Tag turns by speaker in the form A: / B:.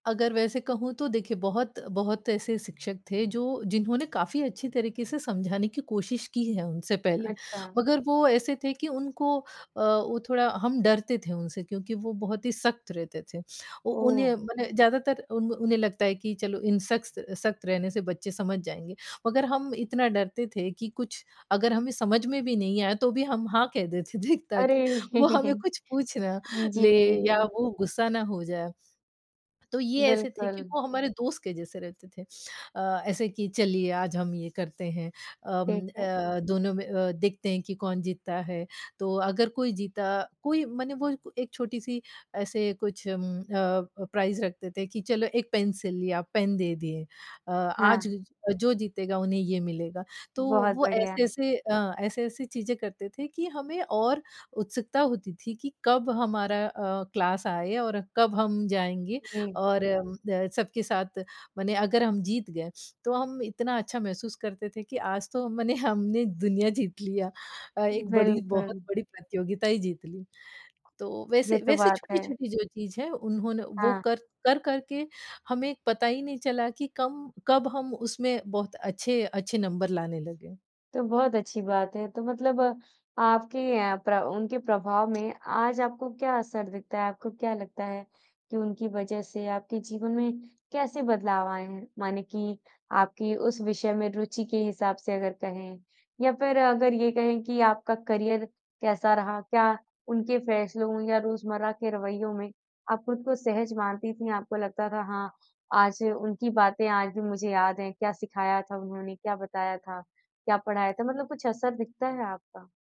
A: अगर वैसे कहूँ तो देखिए बहुत बहुत ऐसे शिक्षक थे जो जिन्होंने काफ़ी अच्छी तरीके से समझाने की कोशिश की है उनसे पहले।
B: अच्छा।
A: मगर वो ऐसे थे कि उनको अ, वो थोड़ा हम डरते थे उनसे क्योंकि वो बहुत ही सख्त रहते थे। ओ
B: ओह!
A: उन्हें मने ज़्यादातर उन उन्हें लगता है कि चलो इन सख्तस सख्त रहने से बच्चे समझ जाएँगे, मगर हम इतना डरते थे कि कुछ अगर हमें समझ में भी नहीं आया, तो भी हम हाँ कह देते थे ताकि
B: अरे!
A: वो हमें कुछ पूछ ना ले या
B: जी।
A: वो गुस्सा ना हो जाए। तो ये ऐसे थे कि
B: बिल्कुल।
A: वो हमारे दोस्त के जैसे रहते थे अ, ऐसे कि चलिए आज हम ये करते हैं
B: ठीक
A: अम,
B: है।
A: अ, दोनों में अ, देखते हैं कि कौन जीतता है। तो अगर कोई जीता कोई मने वो क एक छोटी-सी ऐसे कुछ उम, अ अ, प्राइज़ रखते थे कि चलो एक पेन्सिल या पेन दे दिए अ, आज
B: हाँ।
A: जो जीतेगा उन्हें ये मिलेगा। तो
B: बहुत
A: वो
B: बढ़िया है।
A: ऐसे-ऐसे अ, ऐसे-ऐसी चीज़ें करते थे कि हमें और उत्सुकता होती थी कि कब हमारा अ, क्लास आए और कब हम जाएँगे।
B: जी।
A: और अम, द सबके साथ मने अगर हम जीत गए, तो हम इतना अच्छा महसूस करते थे कि आज तो मने हमने दुनिया जीत लिया अ, एक बड़ी बहुत
B: बिल्कुल।
A: बड़ी प्रतियोगिता ही जीत ली। तो
B: ये
A: वैसे
B: तो
A: वैसे
B: बात है।
A: छोटी-छोटी जो चीज़ है, उन्होंने वो
B: हाँ।
A: कर कर-कर के हमें पता ही नहीं चला कि कम कब हम उसमें बहुत अच्छे अच्छे नंबर लाने लगे।
B: तो बहुत अच्छी बात है, तो मतलब आपके अ, प्र उनके प्रभाव में आज आपको क्या असर दिखता है, आपको क्या लगता है, कि उनकी वजह से आपके जीवन में कैसे बदलाव आए हैं? माने कि आपकी उस विषय में रुचि के हिसाब से अगर कहें या फिर अगर ये कहें कि आपका करियर कैसा रहा? क्या उनके फैसलों या रोज़मर्रा के रवैयों में, आप खुद को सहज मानती थी। आपको लगता था हाँ, आज उनकी बातें आज भी मुझे याद है, क्या सिखाया था उन्होंने, क्या बताया था? क्या पढ़ाया था मतलब कुछ असर दिखता है आपका?